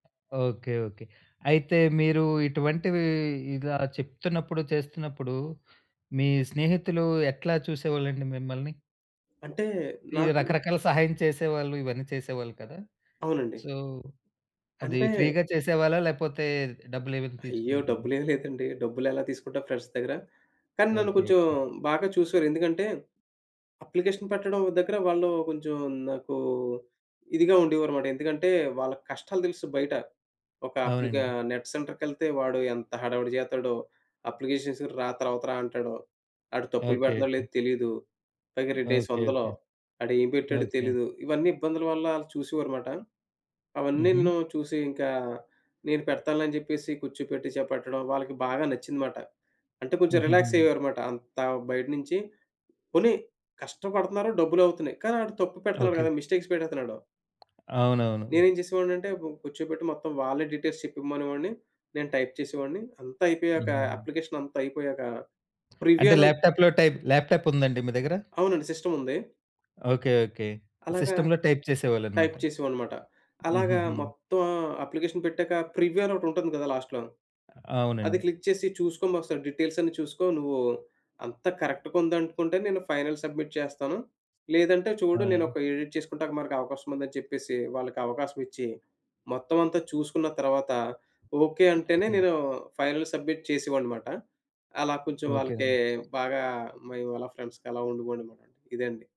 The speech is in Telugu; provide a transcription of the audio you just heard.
ఓకే. ఓకే. అయితే, మీరూ ఇటువంటివీ ఇలా చెప్తున్నప్పుడు, చేస్తున్నప్పుడు, మీ స్నేహితులు ఎట్లా చూసేవోళ్ళండి మిమ్మల్ని? అంటే, ఈ నాకు రకరకాల సహాయం చేసేవాళ్ళు ఇవన్నీ చేసేవాళ్ళు కదా? అవునండి. సో, అదీ అంటే ఫ్రీ‌గా చేసేవాళ్ళా, లేపోతే డబ్బులేవైనా అయ్యో! తీసుకునేవాళ్ళా? డబ్బులేమి లేదండి. డబ్బులెలా తీసుకుంటా ఫ్రెండ్స్ దగ్గర. కానీ, నన్ను ఓకే. కొంచుం ఓకే. బాగా చూశారు. ఎందుకంటే, అప్లికేషన్ పెట్టడం దగ్గరా వాళ్ళూ కొంచుం నాకూ ఇదిగా ఉండేవారుమాట. ఎందుకంటే, వాళ్ళకి కష్టాలు తెలుసు బయట. ఒక అప్లికా అవునండి. నెట్ సెంటర్‌కెళ్తే వాడు ఎంత హడావిడి జేత్తాడో. అప్లికేషన్స్‌కి రా, తరవత రా అంటాడో. ఆడు తప్పులు ఓకే. పెడతన్నాడో లేదో ఓకే. తెలీదు. పైగా రెండేసీ ఓకే. ఒందలు. ఓకే. ఆడేం పెట్టాడో ఓకే. తెలీదు. ఇవన్నీ ఇబ్బందుల వల్లా, ఆళ్ళు చూసేవారుమాట. హుహు. అవన్నీను చూసి ఇంకా, నేను పెడతానులే జెప్పేసి, కూర్చోపెట్టి చే పెట్టడం, వాళ్ళకి బాగా నచ్చిందిమాట. అంటే, కొంచుం హుహుహు. రిలాక్సయ్యారుమాట. అంతా బయటనించి పోనీ కష్టపడుతున్నారు డబ్బులవుతున్నాయి, కానీ ఆడు తప్పు ఓకే. పెడతన్నాడు కదా! ఓకే. మిస్టేక్స్ పెట్టేత్తన్నాడు. అవునవును. నేనేం చేసేవాడినంటే, బ్ కూర్చోబెట్టి మొత్తం వాళ్ళే డీటెయిల్స్ చెప్పేమనేవాడిని, నేను టైప్ చేసేవాడిని. అంతా అయిపోయాక, హుహు. అప్లికేషనంతా అయిపోయాక, ప్రివ్యూ అంటే, అను ల్యాప్‌టాప్‌లో టైప్ ల్యాప్‌టాప్పుందండి మీ దగ్గర? అవునండి. సిస్టముంది. ఓకే. ఓకే. అలాగా సిస్టమ్‌లో టైప్ టైప్ చేసేవోళ్ళనమాట. చేసేవాడినిమాట. అలాగా హుహుహు. మొత్తం అప్లికేషన్ పెట్టాక, ప్రివ్యూ అనొకటుంటంది కదా లాస్ట్‌లో, అది అవునండి. క్లిక్ చేసి చూసుకోండొకసారి, డీటెయిల్సన్నీ చూసుకో నువ్వూ, అంత కరక్ట్‌గుందనుకుంటే నేను ఫైనల్ సబ్మిట్ చేస్తాను, లేదంటే చూడు అవునండి. నేనొక ఎడిట్ చేసుకుంటానికి మనకు అవకాశముందని చెప్పేసీ, వాళ్ళకవకాశమిచ్చి, మొత్తవంతా చూసుకున్న తర్వాతా, ఓకే అంటేనే మరొకేన్ నేనూ ఫైనల్ సబ్మిట్ చేసేవాడినిమాట. అలా కొంచెం ఓకే వాళ్ళకీ నన్ బాగా మేవు అలా ఫ్రెండ్స్‌గా అలా ఉండేవోడినిమాట. ఇదండి.